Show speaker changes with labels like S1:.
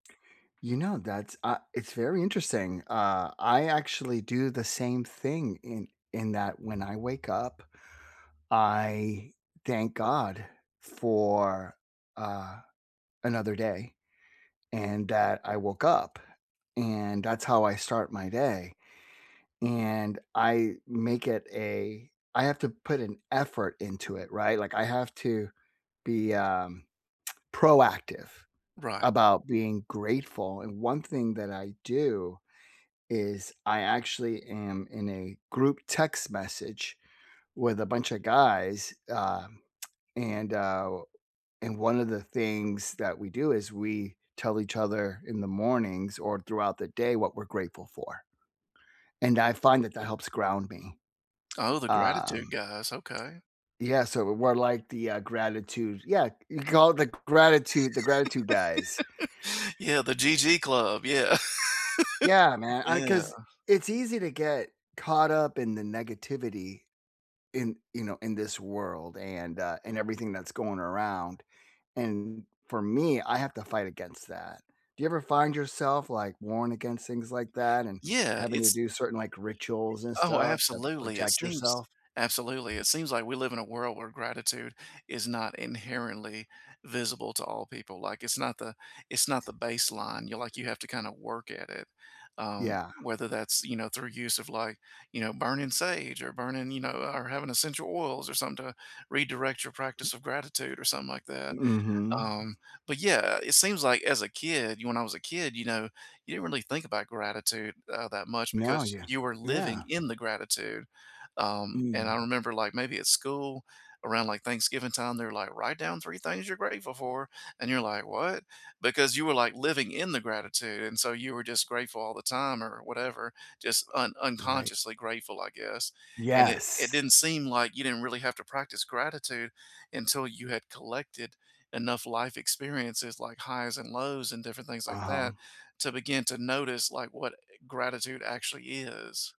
S1: You know, that's a it's very interesting. Uh, I actually do the same thing in in that when I wake up, I thank God for, uh, another day and that I woke up and that's how I start my day. And I make it a I have to put an effort into it, right? Like, I have to be, um, proactive
S2: Right.
S1: about being grateful, and 1 thing that I do is I actually am in a group text message with a bunch of guys, um, and, uh, and 1 of the things that we do is we tell each other in the mornings or throughout the day what we're grateful for. And I find that that helps ground me.
S2: Oh, the gratitude
S1: Um
S2: guys. Okay.
S1: Yeah, so we're like the, uh, gratitude yeah. We call it the gratitude the gratitude guys.
S2: Yeah, the GG club. Yeah.
S1: Yeah, man. I
S2: Yeah.
S1: 'cause it's easy to get caught up in the negativity in, you know, in this world and, uh, and everything that's going around. And for me, I have to fight against that. Do you ever find yourself, like, warned against things like that and
S2: Yeah,
S1: having to
S2: it's
S1: do certain, like, rituals and
S2: Oh,
S1: stuff to
S2: absolutely. It
S1: protect
S2: seems
S1: yourself?
S2: absolutely, it seems like we live in a world where gratitude is not inherently visible to all people. Like, it's not the it's not the baseline. You like you have to kinda work it at, um,
S1: Yeah.
S2: whether that's, you know, through use of, like, you know, burning sage or burning you know or having essential oils or something to redirect your practice of gratitude or something like that.
S1: Mhm.
S2: Um, but, yeah, it seems like as a kid you know, when I was a kid, you know, you didn't really think about gratitude, uh, that much
S1: No,
S2: because
S1: yeah.
S2: you were living
S1: Yeah.
S2: in the gratitude. Um, and I
S1: Mm.
S2: remember, like, maybe at school, around, like, Thanksgiving time, they're like, "Write down 3 things you're grateful for," and you're like, "What?" Because you were, like, living in the gratitude, and so you were just grateful all the time or whatever, just un
S1: Right.
S2: unconsciously grateful, I guess. And it it
S1: Yes.
S2: didn't seem like you didn't really have to practice gratitude until you had collected enough life experiences like highs and lows and different things like that
S1: Uh-huh.
S2: to begin to notice, like, what gratitude actually is.